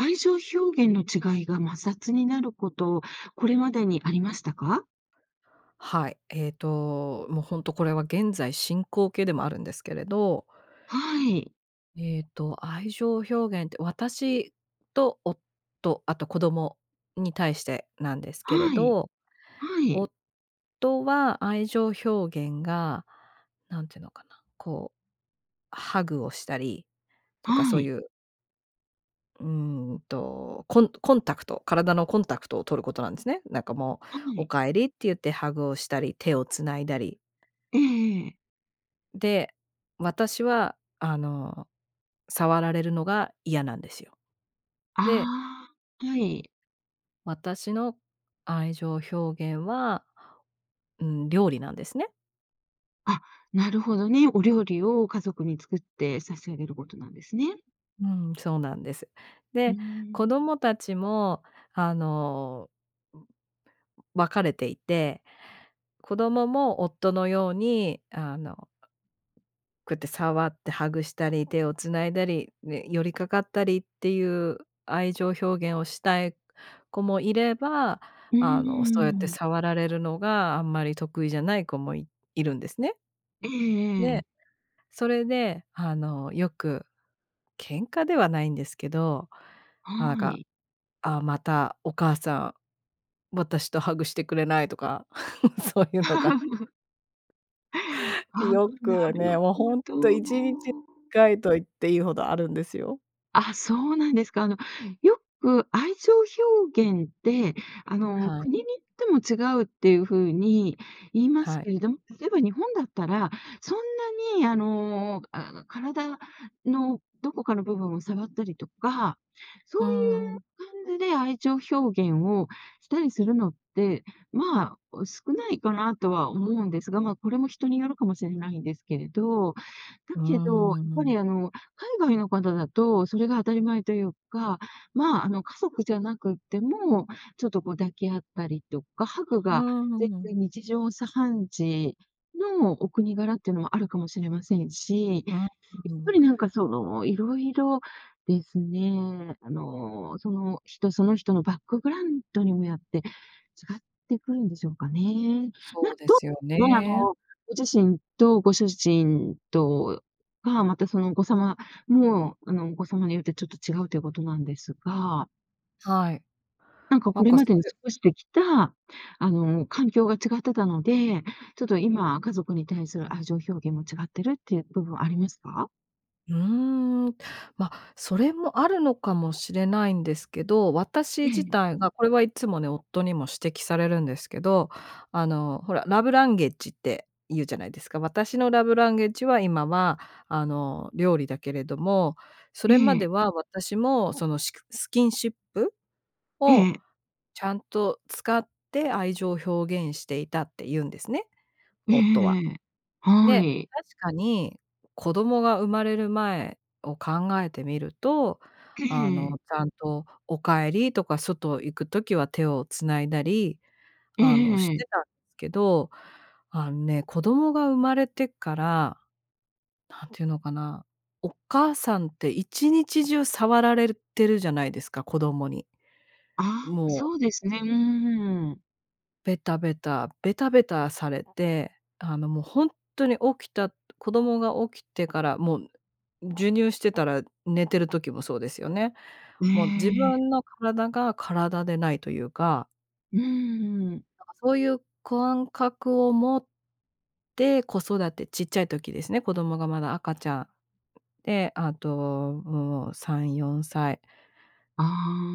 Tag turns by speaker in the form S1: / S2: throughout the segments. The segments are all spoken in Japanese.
S1: 愛情表現の違いが摩擦になること、これまでにありましたか？
S2: はい。えっと、もうほんとこれは現在進行形でもあるんですけれど
S1: はい。
S2: えっと、愛情表現って、私と夫、あと子供に対してなんですけれ
S1: はい。
S2: ど。
S1: はい。
S2: 夫は愛情表現が、なんていうのかな。こう、ハグをしたりとか
S1: は
S2: そう
S1: い。
S2: いううーんと、コンコンタクト体のコンタクトを取ることなんですね。なんかも
S1: は
S2: う「お
S1: い。
S2: 帰り」って言ってハグをしたり、手を繋いだり。
S1: ええええ。
S2: で、私はあの、触られるのが嫌なんですよ。
S1: あ
S2: で
S1: あ。はい。
S2: 私の愛情表現は、うん、料理なんですね。
S1: あ、なるほどね。お料理を家族に作って差し上げることなんですね。
S2: うん、そうなんです。
S1: うー
S2: で、子
S1: ん。
S2: 供たちも、あの、うう分かれていて。子供も夫のように、あの、こうやって触ってハグしたり、手を繋いだり、ね、寄りかかったりっていう愛情表現をしたい子もいれば、
S1: うん、う
S2: あの、そうやって
S1: ーん。
S2: 触られるのがあんまり得意じゃない子もいいるんですね。
S1: えええ
S2: で、
S1: え。
S2: それであの、よく喧嘩ではないんですけど、あ
S1: は
S2: か
S1: い。
S2: 「あ、またお母さん、私とハグしてくれない」とか、そういうのが
S1: あ
S2: よ
S1: う、な
S2: く
S1: る
S2: ね、もう
S1: ほ
S2: ほんっと
S1: ど。
S2: 1日回と言っていいほどあるんですよ。
S1: あ、そうなんですか。あの、よく、愛情表現ってあの、
S2: はい。
S1: 国に行っても違うっていう風に言います
S2: はい。
S1: けれど、例えば日本だったら、そんなにあのあの体のどこかの部分を触ったりとか、そ
S2: うー
S1: うい
S2: ん。
S1: う感じで愛情表現をしたりするのって、ま、お、少ないかなとは思うんですが、ま、これも人によるかもしれないんですけれど、だ
S2: うー
S1: けどやっぱ
S2: ん。
S1: りあの海外の方だとそれが当たり前というか、ま、あの家族じゃなくっても、ちょっとこう抱き合ったりとか、ハグ
S2: うー
S1: が全
S2: ん。
S1: 然日常茶飯事のお国柄ってのもあるかもしれませんし、やっ
S2: うー
S1: ぱ
S2: ん。
S1: りなんかその色々ですね、あの、その人その人のバックグラウンドにもよって違ってくるんでしょうかね。な、
S2: そうで
S1: ど
S2: すよ
S1: は、あ
S2: ね。
S1: のご自身とご主人とか、またそのお子様もあの、お子様によってちょっと違うということなんですが
S2: はい。
S1: なんか
S2: な
S1: こ
S2: ん
S1: れ
S2: か
S1: ま
S2: そ
S1: でに
S2: れ
S1: 過ごしてきたあの、環境が違ってたので、ちょっと今家族に対する愛情表現も違ってるっていう部分ありますか？
S2: うーん、ま、それもあるのかもしれないんですけど、私
S1: え
S2: 自
S1: え。
S2: 体が、これはいつもね、夫にも指摘されるんですけど、あの、ほら、ラブランゲージって言うじゃないですか。私のラブランゲージは今はあの、料理だけれども、そ
S1: え
S2: れまで
S1: え。
S2: は私もその、しくスキンシップを
S1: ええ。
S2: ちゃんと使って愛情表現していたって言うんですね。
S1: えええ
S2: 夫は。
S1: えええ。は
S2: で、
S1: い。
S2: 確かに、子供が生まれる前を考えてみると、あの、ちゃんと「お帰り」とか外行く時は手を繋いだり、
S1: え
S2: あの、し
S1: えええ。
S2: てたんですけど、あんね、子供が生まれてから、何て言うのかな、お母さんって一日中触られるてるじゃないですか、子供に。
S1: ああ、
S2: もう。
S1: そうですね。うーん。
S2: ベタベタ、ベタベタされて、あの、もうほんとに起きた、と子供が起きてからもんぬ授乳してたら寝てる時もそうですよね。
S1: え
S2: もう自
S1: え。
S2: 分の体が体でないというか
S1: うーん。
S2: だかそういう感覚を持って、子育て、ちっちゃい時ですね、子供がまだ赤ちゃん、ん、で、あともう、3、4歳。
S1: あ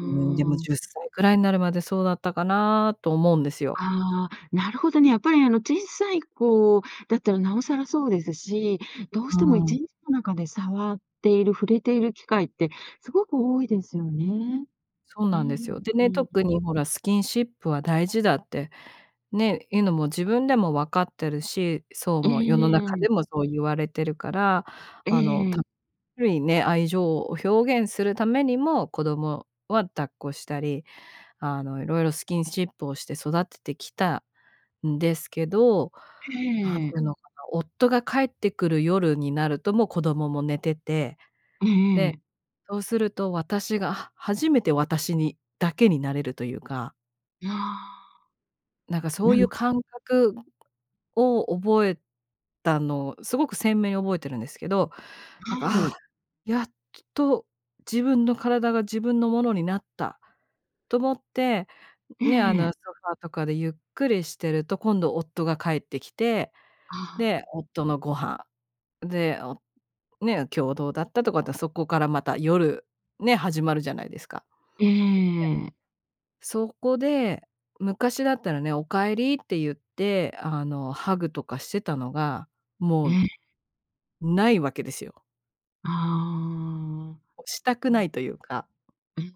S2: うーん、でも10歳ぐらいになるまでそうだったかなと思うんですよ。
S1: ああ、なるほどね。やっぱりあの、小さい子だったらなおさらそうですし、どう
S2: う
S1: しても
S2: ー
S1: いちん
S2: ん。
S1: の中で触っている、触れている機会ってすごく多いですよね。
S2: そう
S1: う
S2: なんです
S1: ん
S2: よ。で
S1: う
S2: ね、
S1: ん、うー
S2: 特
S1: ん。
S2: にほらスキンシップは大事だって、ね、いうのも自分でも分かってるし、そう、
S1: え
S2: もう世の中
S1: え。
S2: でもそう言われてるから、
S1: え
S2: あの、たっ
S1: え。
S2: ぷりね、愛情を表現するためにも、子供は抱っこしたり、あの、色々スキンシップをして育ててきたんですけど、
S1: へ
S2: 何ていう
S1: え。
S2: のかな、夫が帰ってくる夜になるともう子供も寝てて、
S1: ええ
S2: で、
S1: ええ。
S2: そうすると私がは初めて私にだけになれるというか。
S1: いや、
S2: なんか、そ
S1: な
S2: うい
S1: る
S2: う
S1: ほ
S2: 感覚を覚えたのを、すごく鮮明に覚えてるんですけど、なん
S1: は
S2: か、あ
S1: い。
S2: あ、やっと自分の体が自分のものになった、と思って、
S1: え
S2: ね、あ
S1: え。
S2: の、ソファーとかでゆっくりしてると、今度夫が帰ってきて、
S1: あ
S2: で、
S1: あ。
S2: 夫のご飯、で、おね、今日どうだったとかって、そこから、また夜、ね、始まるじゃないですか。
S1: ええ。
S2: で、そこで、昔だったらね、お帰りって言って、あの、ハグとかしてたのが、もう
S1: ええ。
S2: ないわけですよ。
S1: ああ、
S2: したく
S1: な
S2: な
S1: ん
S2: いというか。
S1: うん。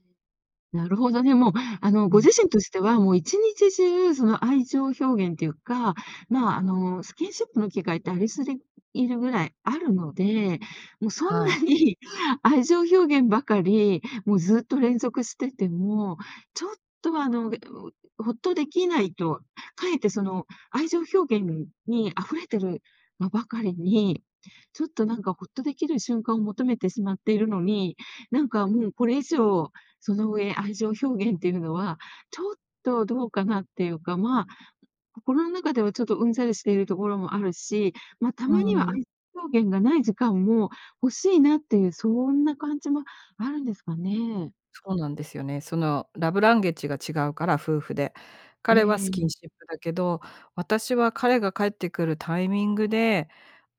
S1: なるほどね、もう、あの、
S2: う
S1: ご
S2: ん。
S1: 自身としては、もう1日中その、愛情表現っていうか、まあ、あの、スキンシップの機会ってありすぎいるぐらいあるので、もう、そん
S2: は
S1: な
S2: い。
S1: に愛情表現ばかり、もう、ずっと連続してても、ちょっと、あの、ぐうお、ホッとできないと、かえってその、愛情表現に溢れてる、ま、ばかりに、ちょっと、なんか、ホッとできる瞬間を求めてしまっているのに、なんか、もう、これ以上、その上愛情表現っていうのは、ちょっと、どうかなっていうか、まあ、心の中では、ちょっとうんざりしているところもあるし、ま、た
S2: う
S1: まに
S2: ー
S1: は、
S2: ん。
S1: 愛情表現がない時間も欲しいなっていう、そんな感じもあるんですかね。
S2: そうなんですよね。その、ラブランゲッジが違うから、夫婦で。
S1: え
S2: 彼はスキン
S1: え。
S2: シップだけど、私は彼が帰ってくるタイミングで、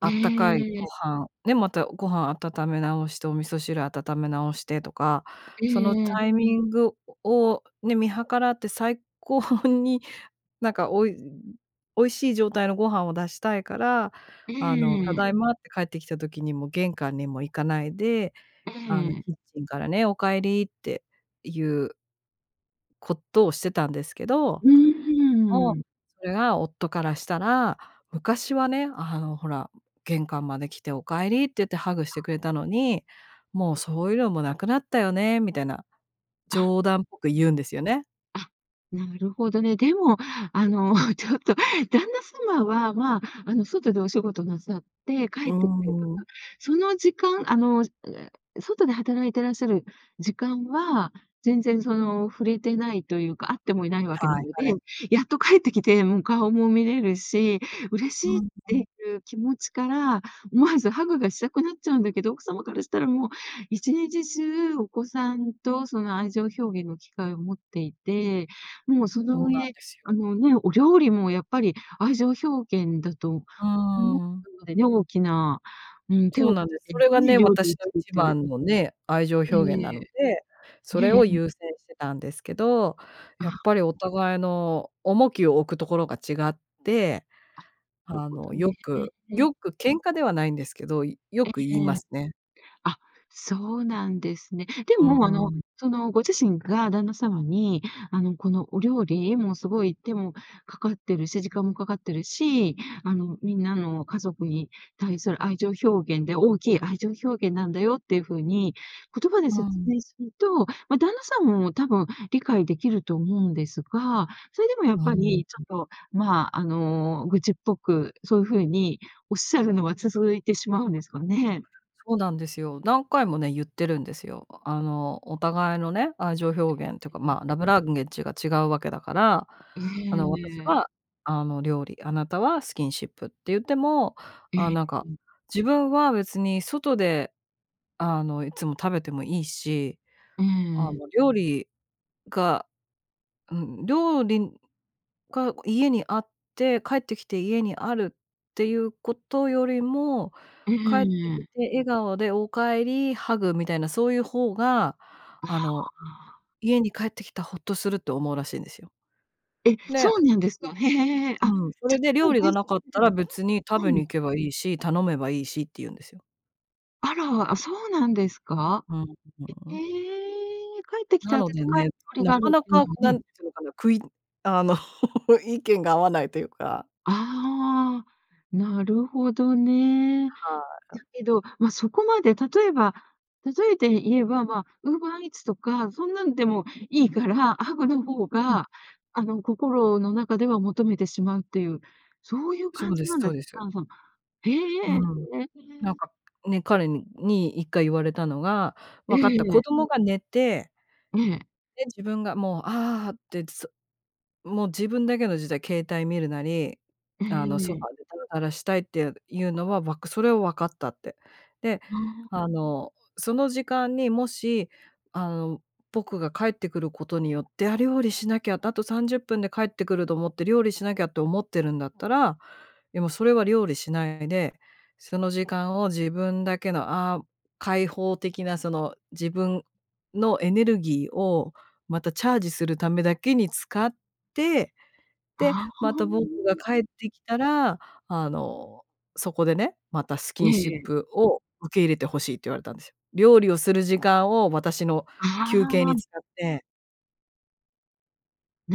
S2: あったかい
S1: え
S2: ご
S1: え。
S2: 飯、ね、またご飯温め直して、お味噌汁温め直してとか、
S1: え
S2: その
S1: えええ。
S2: タイミングをね、見計らって最高に、なんか、おい美味しい状態のご飯を出したいから、
S1: え
S2: あの、た
S1: え。
S2: だいまって帰ってきた時に、もう玄関にも行かないで、
S1: え
S2: あの、
S1: え。
S2: キッチンからね、お帰りっていうことをしてたんですけど、
S1: う
S2: でも、
S1: ーん。
S2: それが、夫からしたら、昔はね、あの、ほら、玄関まで来てお帰りって言って、ハグし
S1: な。
S2: てくれたのに、もうそういうのもなくなったよね。みたいな、
S1: あ。
S2: 冗談っぽく言うんですよね。
S1: あ、なるほどね。でも、あの、ちょっと、旦那様は、まあ、あの、外でお仕事なさって
S2: う
S1: 帰ってくれば、
S2: ーん。
S1: その時間、あの、う、え、外で働いてらっしゃる時間は、全然その触れてないというか、会ってもいないわけな
S2: はい
S1: ので、
S2: はい。
S1: やっと帰ってきて、もう、顔も見れるし、嬉し
S2: う
S1: いっ
S2: んう
S1: て
S2: ん。
S1: いう気持ちから、思わずハグがしたくなっちゃうんだけど、奥様からしたら、もう1日中お子さんと、その、愛情表現の機会を持っていて、もう、そ
S2: そ
S1: の
S2: うなん
S1: 上、
S2: ですよ。
S1: あのね、お料理もやっぱり、愛情表現だと
S2: うー
S1: 思っ
S2: ん。
S1: たのでね。大きな、うん、手
S2: そう
S1: を
S2: な
S1: か
S2: んで
S1: け
S2: す。
S1: て
S2: それが
S1: ね、
S2: ね、
S1: 料理を
S2: 私の
S1: 作っ
S2: 一
S1: て。
S2: 番のね、愛情表
S1: ええ
S2: 現
S1: ええ。
S2: なので、そ
S1: ええ
S2: れ
S1: え
S2: を
S1: え。
S2: 優先してたんですけど、
S1: あ
S2: やっ
S1: あ。
S2: ぱり、お互いの重きを置くところが違って、
S1: あ、なる
S2: あ
S1: ほど
S2: の、よ
S1: ね。
S2: くよく喧嘩ではないんですけど、よ
S1: ええ
S2: く言い
S1: え
S2: ま
S1: え。
S2: すね。
S1: あ、そうなんですね。で
S2: う
S1: も、あ
S2: ー
S1: の、
S2: ん。
S1: その、ご自身が旦那様に、あの、この、お料理もすごい手もかかってるし、時間もかかってるし、あの、みんなの家族に対する愛情表現で、大きい愛情表現なんだよっていう風に、言葉で
S2: う
S1: 説
S2: ん。
S1: 明すると、ま、旦那さんも多分理解できると思うんですが、それでもやっ
S2: うー
S1: ぱ
S2: ん、
S1: り、ち
S2: うん。
S1: ょっと、まあ、あの、愚痴っぽく、そういう風におっしゃるのは続いてしまうんですかね。
S2: そうなんですよ。何回もね、言ってるんですよ。あの、お互いのね、愛情表現というか、まあ、ラブランゲッジが違うわけだから、
S1: え
S2: あの、私
S1: え。
S2: は、あの、料理、あなたはスキンシップって言っても、
S1: え
S2: ああ、
S1: え、
S2: なんか、
S1: うん。
S2: 自分は別に外で、あの、いつも食べてもいいし、
S1: え
S2: あ
S1: え。
S2: の、料理が、うん、料理が、こう、家にあって、帰ってきて家にあるっていうことよりも、
S1: え
S2: 帰ってき
S1: え。
S2: て笑顔でお帰り、ハグみたいな、そういう方が、あ
S1: あ
S2: の、
S1: あ。
S2: 家に帰ってきた、ホッとすると思うらしいんですよ。
S1: え、そ
S2: で
S1: うなんですか。へえ。あ、
S2: うん。そ
S1: じゃ、
S2: れで、
S1: 例
S2: 料
S1: えば、
S2: 理が
S1: 外
S2: なかっ
S1: 食で
S2: た
S1: もい
S2: ら、
S1: い？
S2: 別に食べに 行けばいいし、頼めばいいしって言うんですよ。
S1: あら、あ、そうなんですか
S2: うん、
S1: え
S2: ん
S1: え
S2: ん。
S1: え、帰ってきて
S2: な
S1: 温
S2: ので
S1: かい
S2: ね、
S1: 料理
S2: な
S1: がある
S2: か
S1: っ
S2: な
S1: ていう
S2: か、
S1: のはね。
S2: 何て言うのかな、くいあの意見が合わないというか。
S1: ああ、なるほどね。
S2: はあ、
S1: だ
S2: う。
S1: けど、ま、そこまで例えば例えて言えば、まあ、ウーバーイーツとか、そんなんでもいいから、ハグの方
S2: うん。
S1: が、あの心の中では求めてしまうっていう、そういう
S2: そ
S1: 感
S2: う
S1: じ
S2: で
S1: な
S2: す
S1: んだ。
S2: そうです。
S1: へ
S2: う
S1: え。
S2: ん。なんか、ね、彼に、一回言われたのが、
S1: え
S2: 「分かった、
S1: え。
S2: 子供が寝て」
S1: ええ。
S2: で、「自分がもう、ああってってそもう自分だけの時代、携帯見るなり、
S1: え
S2: あの、ソフ
S1: え。
S2: ァーでダラダラしたいっていういうのは、わくそれは分かった」って。で、
S1: ああ。
S2: あの、「その時間にもし、あの、僕が帰ってくることによって、『あ、料理しなきゃ』て『あと30分で帰ってくる』と思って料理しなきゃって思ってるんだったら、でもそれは料理しないで、その時間を自分だけの、ああ、開放的なその、自分のエネルギーをまたチャージするためだけに使って、で、
S1: ああ、
S2: ま
S1: う
S2: た僕が
S1: ん。
S2: 帰ってきたら、あの、そこでね、またスキ
S1: え
S2: ンシッ
S1: えええ。
S2: プを、受け入れて欲しい」って言われたんですよ。料理をする時間を私の
S1: あ
S2: 休憩に
S1: あ。
S2: 使って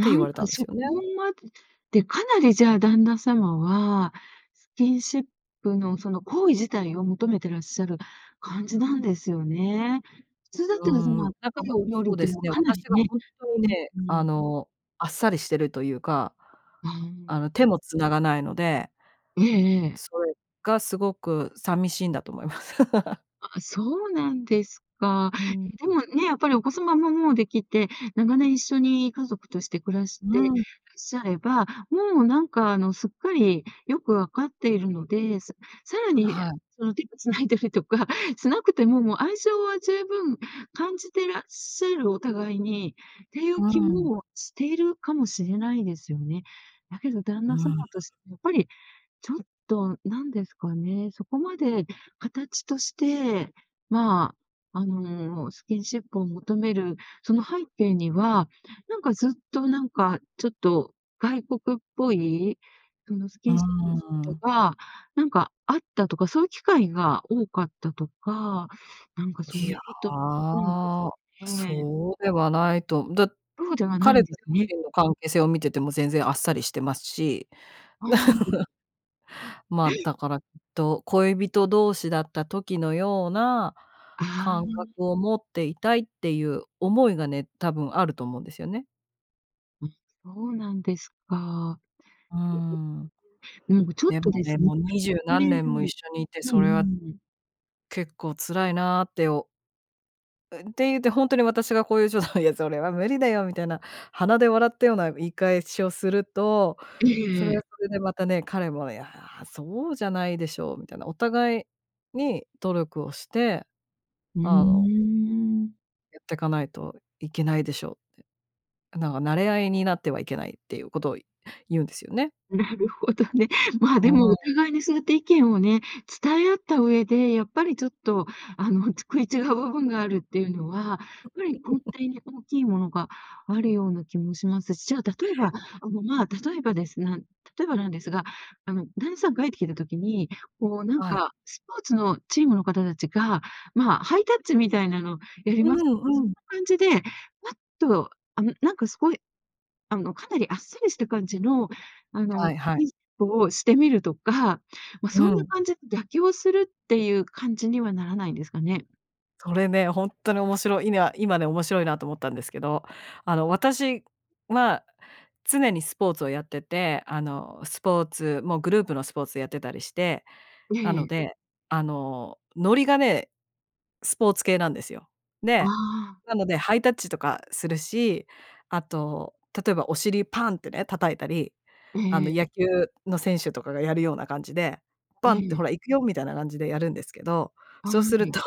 S2: って言
S1: ん
S2: われた
S1: か
S2: んです
S1: そこ
S2: よね。
S1: まで、ってかなりじゃあ旦那様はスキンシップのその行為自体を求めてらっしゃる感じなんですよね。普通だっ
S2: うー
S1: たらその温
S2: ん、なん
S1: か
S2: か、
S1: い
S2: も
S1: お料理
S2: そ
S1: っ
S2: う
S1: て
S2: で
S1: いうの
S2: す
S1: は
S2: ね、
S1: かな
S2: 私
S1: り
S2: が
S1: ね
S2: 本当
S1: う
S2: ね、
S1: ー
S2: あ
S1: ん。
S2: のあっさりしてるというか、
S1: ああ。
S2: あの、手も繋がないので
S1: ええええ。
S2: それがすごくさみしいんだと思います。
S1: あ、そうなんですか。
S2: うん。
S1: でもね、やっぱりお子様ももうできて、長年一緒に家族として暮らしてらっ
S2: うん。
S1: しゃれば、もうなんか、あのすっかりよくわかっているので、ささらに、や
S2: はい。
S1: その手を繋いだりとかしなくても、もう愛情は十分感じてらっしゃるお互いに、っていう
S2: う
S1: 気
S2: ん。
S1: もしているかもしれないですよね。だけど旦
S2: う
S1: 那様
S2: ん。
S1: としてやっぱりちょっとなんですかね、そこまで形として、まあ、あのスキンシップを求めるその背景には、なんかずっとなんかちょっと外国っぽいそのスキ
S2: うー
S1: ンシップと
S2: ん。
S1: か、なんかあったとか、そういう機会が多かったとか、なんかそ
S2: い
S1: うい
S2: や、
S1: うことあるんですかね。
S2: そうではないと。だ
S1: そうではない
S2: 彼
S1: ん
S2: と
S1: です
S2: 両
S1: ね。
S2: 親の関係性を見てても全然あっさりしてますし
S1: はい。
S2: まあ、
S1: へ！
S2: だからきっと「恋人同士だった時のような
S1: あ
S2: 感覚
S1: あ。
S2: を持っていたい」っていう思いがね、多分あると思うんですよね。
S1: うん。そうなんですか。
S2: うーん。
S1: うんか、ちょっ
S2: でも
S1: とです
S2: ね、もう
S1: う
S2: 二十何年も一
S1: ん
S2: 緒にいて、
S1: う
S2: それは
S1: ん。
S2: 結構辛いなって、おうん、って言って、ほんとに私がこういう冗談を言う「それは無理だよ」みたいな、鼻で笑ったような言い返しをすると、
S1: え
S2: それ
S1: えええ。
S2: はそれでまたね、彼も「いや、そうじゃないでしょう」みたいな、お互いに努力をして、
S1: うー
S2: あの
S1: ん。
S2: やってかないといけないでしょうって。なが「馴れ合いになってはいけない」っていうことをい言うんですよね。
S1: なるほどね。ま、で
S2: う
S1: も、
S2: ー
S1: お
S2: ん。
S1: 互いにそうやって意見をね、伝え合った上で、やっぱりちょっとあの、ち食い違う部分があるっていうのは、ぱり根 底に大きいものがあるような気もしますし、じゃあ例えば、あのま、例えばですが例えばなんですが、あの、旦那さんがえってきてる時に、こうなん
S2: あい。
S1: かスポーツのチームの方たちが、ま、ハイタッチみたいなのやり
S2: う
S1: ますけど、
S2: ん
S1: そ
S2: う
S1: ん
S2: ん。
S1: な感じで、パッとあの、なんかすごいあの、かなりあっさりした感じの、あの、
S2: はいはい。
S1: キンシップをしてみるとか、ま、
S2: う
S1: そんな
S2: ん。
S1: 感じで妥協するっていう感じにはならないんですかね？
S2: それね、ほんっとに面白い、いな今ね、面白いなと思ったんですけど、あの、私は常にスポーツをやってて、あの、スポーツもうグループのスポーツやってたりして、な
S1: え
S2: の
S1: え。
S2: で、あの、ノリがね、スポーツ系なんですよ。
S1: あ
S2: で、
S1: あ。
S2: なのでハイタッチとかするし、あと、例えばお尻パンってね、叩いたり、あの、
S1: ええ。
S2: 野球の選手とかがやるような感じで、
S1: え
S2: パンって
S1: え。
S2: ほら行くよ。みたいな感じでやるんですけど、
S1: あ、
S2: そう
S1: は
S2: する
S1: い。
S2: と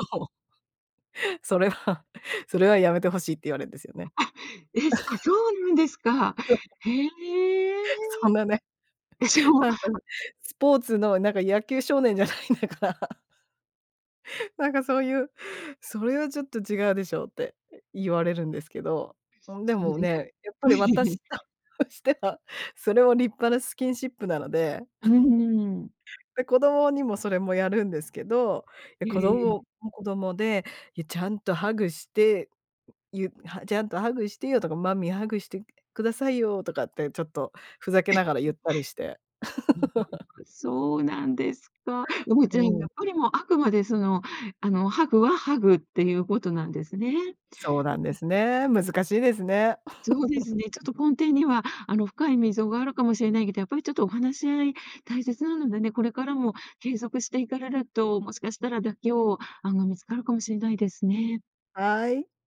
S2: それは、それはやめて欲しいって言われんですよ
S1: う、
S2: ね。
S1: あ、えすあ、そ うなんですか。
S2: そう。
S1: へえ。
S2: そんなね。
S1: え、じゃあも
S2: なんか、
S1: あ
S2: スポーツのなんか野球少年じゃないんだから。なんかそういう「それはちょっと違うでしょ」って言われるんですけど。うん、で
S1: そう
S2: も
S1: ですか。
S2: ね、やっぱり 私としては、それは立派なスキンシップなので。
S1: うーん。
S2: で、子供にもそれもやるんですけど、で、
S1: え
S2: 子
S1: え。
S2: 供も子供で、いやちゃんとハグして、ゆは「ちゃんとハグしてよ」とか「マミーハグして下さいよ」とかってちょっとふざけ
S1: [unintelligible]
S2: ながら言ったりして。
S1: うん、なん か、そうなんですか。いやもう
S2: う
S1: 全員や
S2: ん。
S1: っぱりもうあくまでその、あのハグはハグっていうことなんですね。
S2: そうなんで
S1: うん。
S2: すね。難しいですね。
S1: そうです ね。ちょっと根底には、あの深い溝があるかもしれないけど、やっぱりちょっとお話し合い大切なのでね、これからも継続していかれると、もしかしたら妥協案が見つかるかもしれないですね。
S2: はい。